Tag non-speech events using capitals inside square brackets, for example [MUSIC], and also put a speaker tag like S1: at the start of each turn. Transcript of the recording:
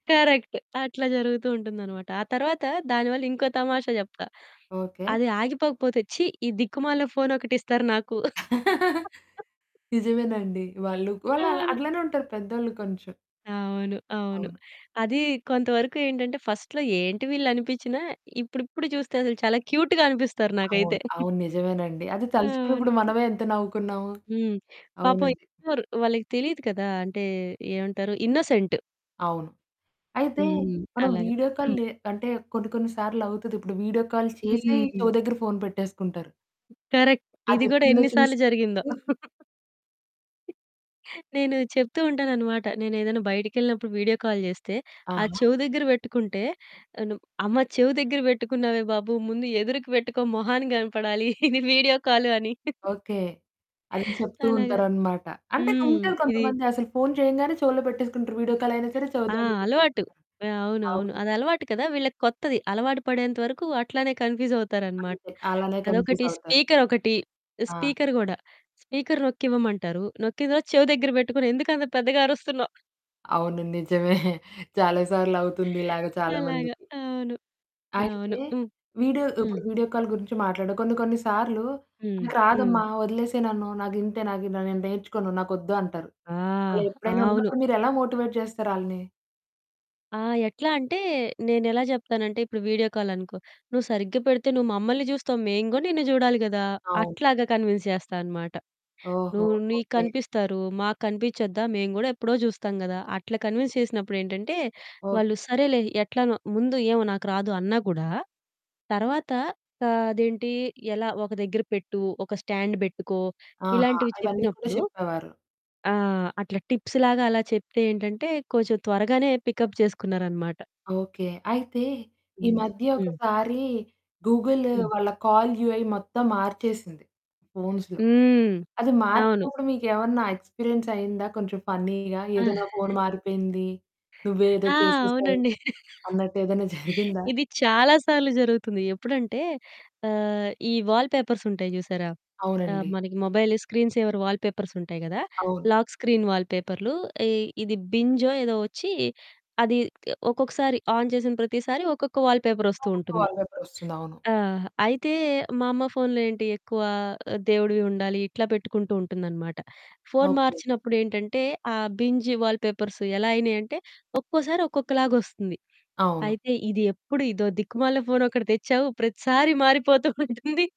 S1: Correct. అట్లా జరుగుతూ ఉంటుందనమాట. ఆ తర్వాత దాని వల్ల ఇంకో తమాషా జెప్తా.
S2: ఓకే.
S1: అది ఆగిపోకపోతే, ఛీ! ఈ దిక్కుమాలిన ఫోనొకటిస్తారు నాకు.
S2: [CHUCKLES]
S1: [CHUCKLES]
S2: నిజమేనండి. వాళ్ళు వాళ్ళు
S1: అవును.
S2: అట్లనే ఉంటారు పెద్దోళ్ళు కొంచెం.
S1: అవును. అవును.
S2: అవును.
S1: అది కొంతవరకు ఏంటంటే ఫస్ట్‌లో ఏంటి వీళ్ళు అనిపించినా, ఇప్పుడిప్పుడు చూస్తే అసలు చాలా క్యూట్‌గా అనిపిస్తారు
S2: అవును.
S1: నాకైతే. [CHUCKLES]
S2: అవును. నిజమేనండి. అది
S1: అవును.
S2: తలుచుకున్నప్పుడు మనమే ఎంత నవ్వుకున్నాము.
S1: హ్మ్. పాపం
S2: అవునండి.
S1: ఎత్తుతారు. వాళ్ళకి తెలియదు కదా! అంటే, ఏమంటారు ఇన్నోసెంట్.
S2: అవును. అయితే,
S1: హ్మ్.
S2: మనం
S1: అలాగా.
S2: వీడియో కాల్
S1: హ్మ్.
S2: లే అంటే కొన్ని కొన్నిసార్లు అవుతది. ఇప్పుడు వీడియో కాల్ చేసి
S1: హ్మ్.
S2: చెవి దగ్గర ఫోన్ పెట్టేసుకుంటారు.
S1: కరెక్ట్. ఇది గూడా
S2: అదెప్పుడుందో
S1: ఎన్ని
S2: చూసి
S1: సార్లు జరిగిందో. [CHUCKLES] నేను చెప్తూ ఉంటానన్నమాట. నేనేదైనా బయటికెళ్ళినప్పుడు వీడియో కాల్ జేస్తే, ఆ!
S2: ఆహా!
S1: చెవి దగ్గర బెట్టుకుంటే తను. అమ్మ చెవి దగ్గర బెట్టుకున్నావే బాబు. ముందు ఎదురికి పెట్టుకో మొహానికి గనపడాలి. ఇది వీడియో కాల్ అని.
S2: ఓకే. అది చెప్తూ
S1: అలాగా.
S2: ఉంటారన్నమాట. అంటే,
S1: హ్మ్.
S2: ఉంటారు
S1: ఇది
S2: కొంతమంది అసలు ఫోన్ చేయంగానే చెవులో పెట్టేసుకుంటారు. వీడియో కాల్ అయినా సరే చెవి
S1: ఆ!
S2: దగ్గర
S1: అలవాటు.
S2: పెట్టేసుకుంటారు.
S1: అవునవును.
S2: అవును.
S1: అదలవాటు కదా! వీళ్ళకి కొత్తది. అలవాటు పడేంత వరకు అట్లనే కన్‌ఫ్యూజ్ అవుతారనమాట.
S2: అంతే. అలానే కన్‌ఫ్యూజ్
S1: అదొకటి.
S2: అవుతారు.
S1: స్పీకర్ ఒకటి, ఈ
S2: ఆ!
S1: స్పీకర్ గూడా. స్పీకర్ నొక్కివ్వమంటారు, నొక్కిన తర్వాత చెవి దగ్గర బెట్టుకొని ఎందుకు అంత పెద్దగా అరుస్తున్నావు?
S2: అవును. [CHUCKLES] నిజమే. చాలా సార్లవుతుంది ఇలాగా చాలా
S1: అలాగా.
S2: మందికి.
S1: అవును.
S2: అయితే,
S1: అవును. హ్మ్.
S2: వీడియో ఇప్పుడు
S1: హ్మ్.
S2: వీడియో కాల్ గురించి మాట్లాడు కొన్ని కొన్నిసార్లు
S1: హ్మ్.
S2: నాకు
S1: హ్మ్.
S2: రాదమ్మా! వదిలేసేయ్ నన్ను. నాగింతే. నాకు ఇట్లా నేను నేర్చుకోను. నాకొద్దు అంటారు.
S1: ఆ!
S2: అలా ఎప్పుడైనా
S1: అవును.
S2: అన్నప్పుడు మీరెలా మోటివేట్ జేస్తారాళ్ళని?
S1: ఆ! ఎట్లా అంటే, నేనెలా జెప్తానంటే ఇప్పుడు వీడియో కాల్ అనుకో, నువు సరిగ్గా పెడితే నువు మమ్మల్ని జూస్తావు. మేము గూడా నిన్ను జూడాలి గదా!
S2: అవును.
S1: అట్లాగా కన్విన్స్ చేస్తా అనమాట.
S2: ఓహో!
S1: నువు నీకు
S2: ఓకే.
S1: కనిపిస్తారు. మాకు కనిపించొద్దా? మేము గూడా ఎప్పుడో జూస్తాం గదా! అట్లా కన్విన్స్ చేసినప్పుడేంటంటే,
S2: ఓకే.
S1: వాళ్ళు సరేలే ఎట్లనో. ముందు ఏమో నాకు రాదు అన్నా గూడా తర్వాత ఆహ్, అదేంటి ఎలా? ఒక దగ్గర పెట్టు. ఒక స్టాండ్ బెట్టుకో.
S2: ఆహా!
S1: ఇలాంటివి
S2: ఇవన్నీ గూడా
S1: చెప్పినప్పుడు,
S2: చెప్పేవారు.
S1: ఆ! అట్లా టిప్స్ లాగా అలా చెప్తే ఏంటంటే కొంచెం త్వరగానే పికప్ చేసుకున్నారనమాట.
S2: ఓకే. అయితే, ఈ
S1: హ్మ్.
S2: మధ్య
S1: హ్మ్.
S2: ఒకసారి గూగుల్
S1: హ్మ్.
S2: వాళ్ళ కాల్ యూఐ మొత్తం మార్చేసింది ఫోన్స్‌లో.
S1: హ్మ్.
S2: అది
S1: అవును.
S2: మార్చినప్పుడు మీకేమన్నా ఎక్స్‌పీరియన్స్ అయిందా కొంచెం ఫన్నీ‌గా?
S1: ఆ!
S2: ఏదో నా ఫోన్
S1: [GIGGLES]
S2: మారిపోయింది? నువ్వే ఏదో
S1: ఆ!
S2: చేసేశావు?
S1: అవునండి.
S2: అన్నట్టేదైనా [CHUCKLES] జరిగిందా?
S1: ఇది చాలా సార్లు జరుగుతుంది. ఎప్పుడంటే ఆహ్, ఈ వాల్‌పేపర్స్ ఉంటాయి జూశారా? ఆ!
S2: అవునండి.
S1: మనకి మొబైల్ స్క్రీన్ సేవర్ వాల్‌పేపర్స్ ఉంటాయి గదా!
S2: అవును.
S1: లాక్ స్క్రీన్ వాల్‌పేపర్‌లు. ఈ ఇది బింజో ఏదో ఒచ్చి అది ఇట్లా ఒక్కొక్కసారి ఆన్ చేసిన ప్రతిసారి ఒక్కొక్క వాల్‌పేపర్ ఒస్తూ
S2: ఒక్కొక్క
S1: ఉంటుంది.
S2: వాల్‌పేపర్ ఒస్తుందవును.
S1: ఆ! అయితే, మా అమ్మ ఫోన్‌లో ఏంటి ఎక్కువ ఆ! దేవుడివి ఉండాలి ఇట్లా పెట్టుకుంటూ ఉంటుందనమాట. Phone
S2: okay.
S1: మార్చినప్పుడేంటంటే, ఆ బింజ్ వాల్‌పేపర్స్ ఎలా అయినయంటే ఒక్కోసారి ఒక్కొక్కలాగొస్తుంది.
S2: అవును.
S1: అయితే, "ఇదెప్పుడు ఇదో దిక్కుమాలిన ఫోనొకటి తెచ్చావు ప్రతిసారి మారిపోతూ ఉంటుంది."